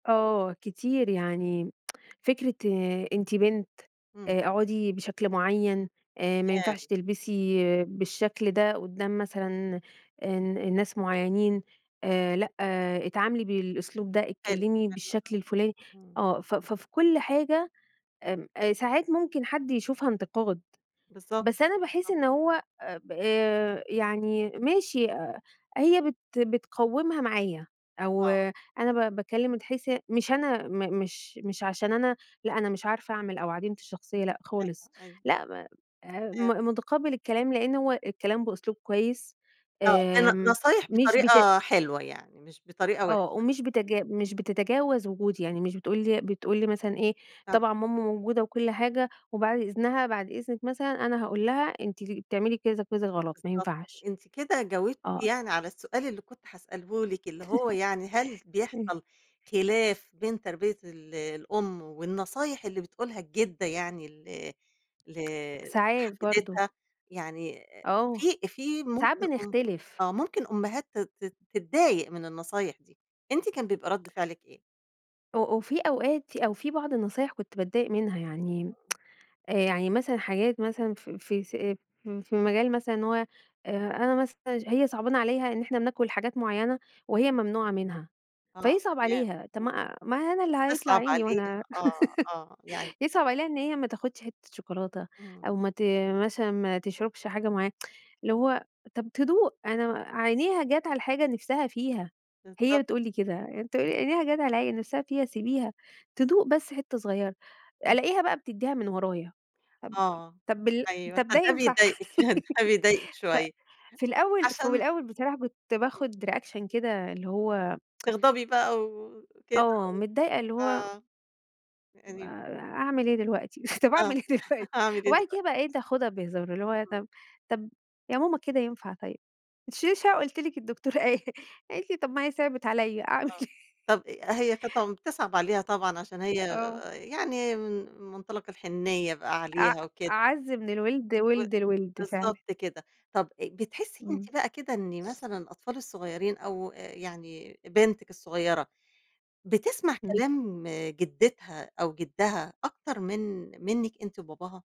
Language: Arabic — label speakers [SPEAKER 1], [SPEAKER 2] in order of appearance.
[SPEAKER 1] آه كتير. يعني فكرة أنتِ بنت،
[SPEAKER 2] إمم.
[SPEAKER 1] آآ أقعُدي بشكل معيّن آآ ما
[SPEAKER 2] [unintelligible]
[SPEAKER 1] ينفعش تلبسي بالشكل ده قُدّام مثلًا الن الناس معيّنين، آآ لأ اتعاملي بالأسلوب ده،
[SPEAKER 2] حلو.
[SPEAKER 1] اتكلّمي
[SPEAKER 2] [unintelligible]
[SPEAKER 1] بالشكل الفُلاني
[SPEAKER 2] إمم.
[SPEAKER 1] آه. ف ف في كل حاجة آمم، أ ساعات ممكن حد يشوفها انتقاد.
[SPEAKER 2] بالضبط.
[SPEAKER 1] بس أنا باحس
[SPEAKER 2] بالضب
[SPEAKER 1] إن هو أ ب يعني ماشي أ هي بت بتقوّمها معايا أو
[SPEAKER 2] آه.
[SPEAKER 1] أنا ب باكلّم من حيث مش أنا م مش مش عشان أنا لأ، أنا مش عارفة أعمل أو عديمة الشخصية، لأ خالص.
[SPEAKER 2] أيوه، أيوه.
[SPEAKER 1] لأ ما أ
[SPEAKER 2] [unintelligible]
[SPEAKER 1] م مُتقبّل الكلام لإن هو الكلام بأسلوب كويس
[SPEAKER 2] آه. أنا
[SPEAKER 1] آمم،
[SPEAKER 2] نصايح
[SPEAKER 1] مش بت
[SPEAKER 2] بطريقة حلوة يعني، مش بطريقة
[SPEAKER 1] آه.
[SPEAKER 2] وِحشة.
[SPEAKER 1] ومش بتج مش بتتجاوز وجودي. يعني مش بتقول لي بتقول لي مثلًا إيه،
[SPEAKER 2] [unintelligible]
[SPEAKER 1] طبعًا ماما موجودة وكل حاجة وبعد إذنها، بعد إذنك مثلًا أنا هاقول لها أنتِ ل بتعملي كذا، كذا غلط ما
[SPEAKER 2] بالضبط.
[SPEAKER 1] ينفعش.
[SPEAKER 2] أنتِ كده جاوبتِ
[SPEAKER 1] آه.
[SPEAKER 2] يعني على السؤال اللي كنت هاسأله لِك، اللي هو يعني هل
[SPEAKER 1] اه
[SPEAKER 2] بيحصل خِلاف بين تربية ال الأم والنصايح اللي بتقولها الجِدّة يعني ال ل
[SPEAKER 1] ساعات برضه.
[SPEAKER 2] لحفيدتها؟ يعني
[SPEAKER 1] آه.
[SPEAKER 2] في في
[SPEAKER 1] ساعات
[SPEAKER 2] ممكن م
[SPEAKER 1] بنختلف.
[SPEAKER 2] آه. ممكن أمهات تت تت تتضايق من النصايح دي. أنتِ كان بيبقى رَد فعلِك إيه؟
[SPEAKER 1] أ أ وفي أوقات في أو في بعض النصايح كنت باتضايق منها. يعني آآ يعني مثلًا حاجات مثلًا في في س في مجال مثلًا إن هو، أ أنا مثلًا ج هي صعبانة عليها إن إحنا بناكل حاجات معيّنة وهي ممنوعة منها،
[SPEAKER 2] آه
[SPEAKER 1] فيصعب
[SPEAKER 2] تمام.
[SPEAKER 1] عليها. طب
[SPEAKER 2] إمم.
[SPEAKER 1] ما ما أنا اللي هيطلع
[SPEAKER 2] بتصعب
[SPEAKER 1] عيني
[SPEAKER 2] عليها
[SPEAKER 1] وأنا
[SPEAKER 2] آه، آه. يعني
[SPEAKER 1] يصعب عليها إن هي ما تاخُدش حتّة شوكولاتة
[SPEAKER 2] إمم.
[SPEAKER 1] أو ما ت مثلًا ما تشربش حاجة معيّنة، اللي هو طب تدوق، أنا و عينيها جات على الحاجة نِفسها فيها،
[SPEAKER 2] بالضبط.
[SPEAKER 1] هي بتقول لي كده. أنت عينيها جات على الع نِفسها فيها سيبيها تدوق بس حتّه صغيرة،
[SPEAKER 2] إمم.
[SPEAKER 1] ألاقيها بقى بتدّيها من ورايا.
[SPEAKER 2] آه.
[SPEAKER 1] طب طب بال
[SPEAKER 2] أيوه.
[SPEAKER 1] طب ده
[SPEAKER 2] فده
[SPEAKER 1] ينفع؟
[SPEAKER 2] بيضايقِك، فبيضايقِك
[SPEAKER 1] ف
[SPEAKER 2] شوية.
[SPEAKER 1] في الأول في
[SPEAKER 2] عشان
[SPEAKER 1] الأول بصراحة كنت
[SPEAKER 2] إمم.
[SPEAKER 1] باخُد reaction كده اللي هو
[SPEAKER 2] تغضبي بقى وكده
[SPEAKER 1] آه.
[SPEAKER 2] و
[SPEAKER 1] متضايقة اللي
[SPEAKER 2] ف
[SPEAKER 1] هو
[SPEAKER 2] [unintelligible]
[SPEAKER 1] آآ أعمِل إيه دلوقتي؟ طب
[SPEAKER 2] آه.
[SPEAKER 1] أعمِل إيه دلوقتي؟
[SPEAKER 2] هاعمل إيه
[SPEAKER 1] وبعد
[SPEAKER 2] دلوقتي؟
[SPEAKER 1] كده بقيت أخُدها بهزار. اللي هو،
[SPEAKER 2] إمم.
[SPEAKER 1] طب طب يا ماما كده ينفع طيب. ما تشيليش هَم، قُلت لِك الدكتور قاي قالت لي: "طب ما هي صعبِت عليّا، أعمل
[SPEAKER 2] آه.
[SPEAKER 1] إيه؟"
[SPEAKER 2] طب أ هي قطم بتصعب عليها طبعًا عشان هي
[SPEAKER 1] آه.
[SPEAKER 2] يعني من مُنطلق الحنيّة بقى
[SPEAKER 1] أع
[SPEAKER 2] عليها وكده.
[SPEAKER 1] أعَز من الوِلد،
[SPEAKER 2] و
[SPEAKER 1] وِلد الوِلد فعلًا.
[SPEAKER 2] بالضبط كده. طب أ بتحسّي
[SPEAKER 1] إمم.
[SPEAKER 2] أنتِ بقى كده إن مثلًا الأطفال الصغيرين أو يعني بنتِك الصغيرة، بتسمع
[SPEAKER 1] إمم.
[SPEAKER 2] كلام جِدِّتها أو جِدَّها أكتر من منِّك أنتِ وباباها؟